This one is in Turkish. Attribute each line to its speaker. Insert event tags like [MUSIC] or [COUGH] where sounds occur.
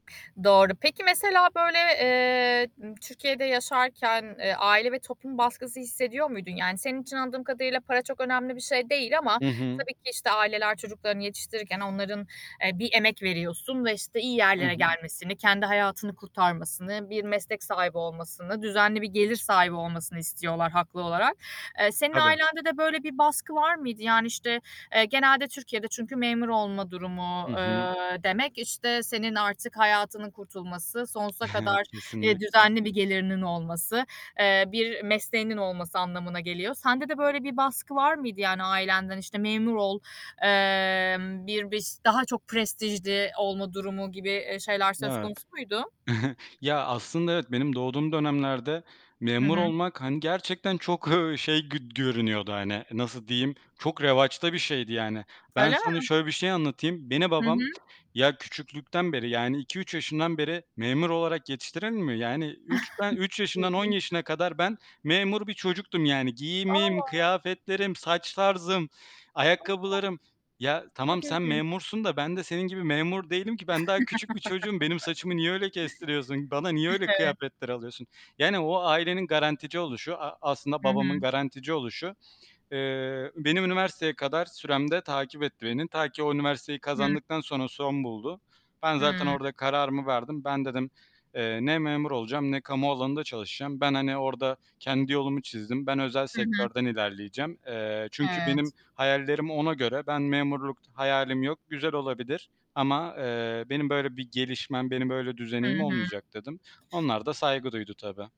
Speaker 1: Doğru. Peki, mesela, böyle, eee, n Türkiye'de yaşarken, eee, aile ve toplum baskısı hissediyor muydun? Yani, senin için anladığım kadarıyla para çok önemli bir şey değil ama
Speaker 2: Hı hı.
Speaker 1: tabii ki, işte, aileler, çocuklarını yetiştirirken onların, eee, bir emek veriyorsun ve, işte, iyi
Speaker 2: Hı
Speaker 1: yerlere
Speaker 2: hı.
Speaker 1: gelmesini, kendi hayatını kurtarmasını, bir meslek sahibi olmasını, düzenli bir gelir sahibi olmasını istiyorlar, haklı olarak. Eee, senin
Speaker 2: Tabii.
Speaker 1: ailende de böyle bir baskı var mıydı? Yani, işte, eee, genelde Türkiye'de çünkü memur olma durumu,
Speaker 2: Hı hı.
Speaker 1: eee, demek, işte, senin artık hayatının kurtulması, sonsuza
Speaker 2: [CHUCKLES]
Speaker 1: kadar, eee,
Speaker 2: Kesinlikle.
Speaker 1: düzenli bir gelirinin olması, eee, bir mesleğinin olması anlamına geliyor. Sende de böyle bir baskı var mıydı, yani, ailenden? İşte, memur ol, emm, bir biş daha çok prestijli olma durumu gibi, eee, şeyler söz
Speaker 2: Evet.
Speaker 1: konusu muydu?
Speaker 2: [CHUCKLES] Ya, aslında evet, benim doğduğum dönemlerde
Speaker 1: Hı
Speaker 2: memur
Speaker 1: hı.
Speaker 2: olmak, hani, gerçekten çok, ııı, şey, gö görünüyordu, hani, nasıl diyeyim, çok revaçta bir şeydi, yani. Ben
Speaker 1: Öyle
Speaker 2: sana
Speaker 1: mi?
Speaker 2: şöyle bir şey anlatayım. Beni
Speaker 1: Hı
Speaker 2: babam,
Speaker 1: hı.
Speaker 2: ya, küçüklükten beri yani, 2-3 yaşından beri memur olarak yetiştirir mi? Yani, 3, ben, 3
Speaker 1: [CHUCKLES]
Speaker 2: yaşından 10
Speaker 1: İlginçmiş
Speaker 2: yaşına kadar ben memur bir çocuktum. Yani, giyimim,
Speaker 1: A!
Speaker 2: kıyafetlerim, saç tarzım,
Speaker 1: A!
Speaker 2: ayakkabılarım. Ya, tamam,
Speaker 1: Çok
Speaker 2: sen
Speaker 1: ilginç.
Speaker 2: memursun da ben de senin gibi memur değilim ki. Ben daha küçük bir çocuğum. Benim saçımı niye öyle kestiriyorsun? Bana niye
Speaker 1: [CHUCKLES]
Speaker 2: öyle
Speaker 1: Evet.
Speaker 2: kıyafetler alıyorsun? Yani, o ailenin garantici oluşu, a aslında
Speaker 1: Hı
Speaker 2: babamın
Speaker 1: hı.
Speaker 2: garantici oluşu, eee, benim üniversiteye kadar süremde takip etti beni. Ta ki o üniversiteyi
Speaker 1: Hıı.
Speaker 2: kazandıktan sonra son buldu. Ben zaten
Speaker 1: Hıı.
Speaker 2: orda kararımı verdim. Ben dedim, eee, ne memur olacağım, ne kamu alanında çalışacağım. Ben, hani, orada kendi yolumu çizdim. Ben özel
Speaker 1: Hı hı.
Speaker 2: sektörden ilerleyeceğim. Eee, çünkü benim
Speaker 1: Evet.
Speaker 2: hayallerimi ona göre Ben memurluk hayalim yok. Güzel olabilir ama, eee, benim böyle bir gelişmem, benim böyle,
Speaker 1: Hı
Speaker 2: düzeneğim
Speaker 1: hı.
Speaker 2: olmayacak dedim. Onlar da saygı duydu tabii.